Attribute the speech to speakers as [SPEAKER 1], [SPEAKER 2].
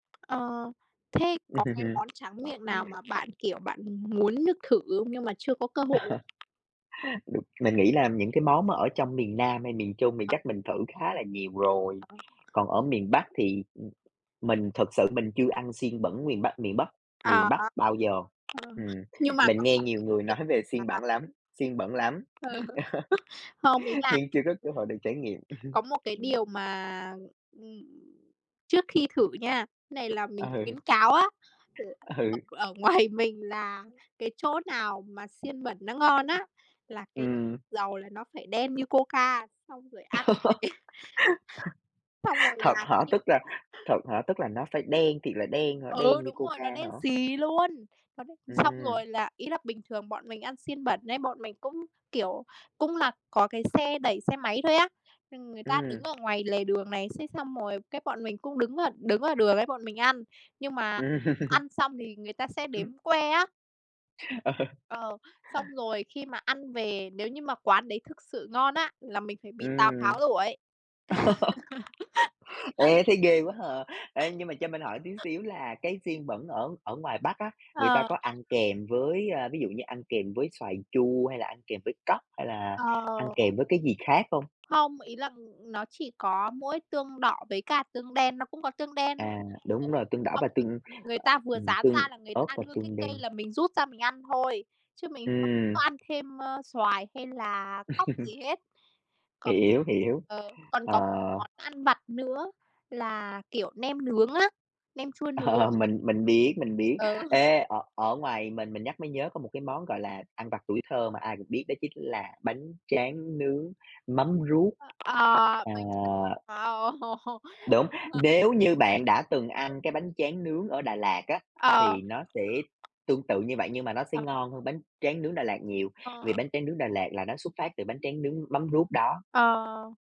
[SPEAKER 1] Ờ, thế có cái món tráng miệng nào mà bạn, kiểu, bạn muốn được thử không? Nhưng mà chưa có cơ hội không?
[SPEAKER 2] Đụng mình nghĩ là những cái món mà ở trong miền Nam hay miền Trung thì
[SPEAKER 1] Ờ.
[SPEAKER 2] chắc mình thử khá là nhiều rồi,
[SPEAKER 1] À.
[SPEAKER 2] còn ở miền Bắc thì, ừm, mình thực sự mình chưa ăn xiên bẩn miền Bắc miền Bắc miền
[SPEAKER 1] À.
[SPEAKER 2] Bắc bao giờ,
[SPEAKER 1] Ờm,
[SPEAKER 2] ừm,
[SPEAKER 1] nhưng mà
[SPEAKER 2] mình
[SPEAKER 1] có
[SPEAKER 2] nghe
[SPEAKER 1] một
[SPEAKER 2] nhiều
[SPEAKER 1] cái
[SPEAKER 2] người
[SPEAKER 1] việc,
[SPEAKER 2] nói về xiên
[SPEAKER 1] à
[SPEAKER 2] bẩn lắm xiên bẩn lắm,
[SPEAKER 1] ừ, không, ý là
[SPEAKER 2] nhưng chưa có cơ hội được trải nghiệm.
[SPEAKER 1] [unintelligible] có một cái điều mà, ừm, trước khi thử nha, cái này là
[SPEAKER 2] Ừ.
[SPEAKER 1] mình khuyến cáo á, là ở
[SPEAKER 2] Ừ.
[SPEAKER 1] ở ngoài mình là cái chỗ nào mà xiên bẩn nó ngon á, là cái
[SPEAKER 2] Ừm.
[SPEAKER 1] dầu là nó phải đen như coca, xong rồi ăn với cái xong rồi
[SPEAKER 2] Thật
[SPEAKER 1] là
[SPEAKER 2] hả?
[SPEAKER 1] khi
[SPEAKER 2] Tức là
[SPEAKER 1] mà
[SPEAKER 2] thật hả? Tức là nó phải đen thiệt là đen hả?
[SPEAKER 1] Ừ,
[SPEAKER 2] Đen như
[SPEAKER 1] đúng rồi,
[SPEAKER 2] coca
[SPEAKER 1] nó đen
[SPEAKER 2] hả?
[SPEAKER 1] xì luôn, nó đen xì. Xong
[SPEAKER 2] Ừm.
[SPEAKER 1] rồi là, ý là bình thường bọn mình ăn xiên bẩn ấy, bọn mình cũng, kiểu, cũng là có cái xe đẩy xe máy thôi á, ừm, người ta đứng
[SPEAKER 2] Ừm.
[SPEAKER 1] ở ngoài lề đường này, thế xong rồi cái bọn mình cũng đứng ở đứng ở đường ấy bọn mình ăn, nhưng mà
[SPEAKER 2] Ừm.
[SPEAKER 1] ăn xong thì người ta sẽ đếm que á.
[SPEAKER 2] Ờ.
[SPEAKER 1] Ờ, xong rồi khi mà ăn về, nếu như mà quán đấy thực sự ngon á, là mình phải bị Tào
[SPEAKER 2] Ừm.
[SPEAKER 1] Tháo đuổi.
[SPEAKER 2] Ê, thấy ghê quá hà! Ê, nhưng mà cho mình hỏi tí xíu là cái xiên bẩn ở ở ngoài Bắc á, người ta
[SPEAKER 1] Ờ.
[SPEAKER 2] có ăn kèm với, ơ, ví dụ như ăn kèm với xoài chua hay là ăn kèm với cóc hay là
[SPEAKER 1] Ờ.
[SPEAKER 2] ăn kèm với cái gì khác hông?
[SPEAKER 1] Hông, ý là, ừm, ừm, nó chỉ có mỗi tương đỏ với cả tương đen, nó cũng có tương đen luôn,
[SPEAKER 2] À,
[SPEAKER 1] ừ,
[SPEAKER 2] đúng rồi. Tương đỏ
[SPEAKER 1] xong
[SPEAKER 2] và
[SPEAKER 1] rồi
[SPEAKER 2] tương, ờ,
[SPEAKER 1] người ta vừa
[SPEAKER 2] ừm,
[SPEAKER 1] rán
[SPEAKER 2] tương
[SPEAKER 1] ra là người
[SPEAKER 2] ớt
[SPEAKER 1] ta
[SPEAKER 2] và
[SPEAKER 1] đưa cái
[SPEAKER 2] tương
[SPEAKER 1] cây
[SPEAKER 2] đen.
[SPEAKER 1] là mình rút ra mình ăn thôi, chứ mình không có
[SPEAKER 2] Ừm.
[SPEAKER 1] ăn thêm, ơ, xoài hay là cóc gì hết. Còn
[SPEAKER 2] Hiểu, hiểu,
[SPEAKER 1] ờ, còn có một
[SPEAKER 2] ờ.
[SPEAKER 1] món ăn vặt nữa là, kiểu, nem nướng á, nem chua nướng.
[SPEAKER 2] Ờ, mình mình biết, mình biết.
[SPEAKER 1] Ừ.
[SPEAKER 2] Ê, ở ở ngoài mình mình nhắc mới nhớ có một cái món, gọi là, ăn vặt tuổi thơ mà ai cũng biết đó chính là bánh tráng nướng mắm ruốc.
[SPEAKER 1] Ờ,
[SPEAKER 2] À.
[SPEAKER 1] bánh tráng. Wow!
[SPEAKER 2] Đúng! Nếu như bạn đã từng ăn
[SPEAKER 1] [unintelligible]
[SPEAKER 2] cái bánh tráng nướng ở Đà Lạt á,
[SPEAKER 1] Ờ.
[SPEAKER 2] thì nó sẽ tương tự như vậy, nhưng mà nó sẽ
[SPEAKER 1] Ờ.
[SPEAKER 2] ngon hơn bánh tráng nướng Đà Lạt nhiều,
[SPEAKER 1] Ờ.
[SPEAKER 2] vì bánh tráng nướng Đà Lạt là nó xuất phát từ bánh tráng nướng mắm ruốc đó.
[SPEAKER 1] Ờ.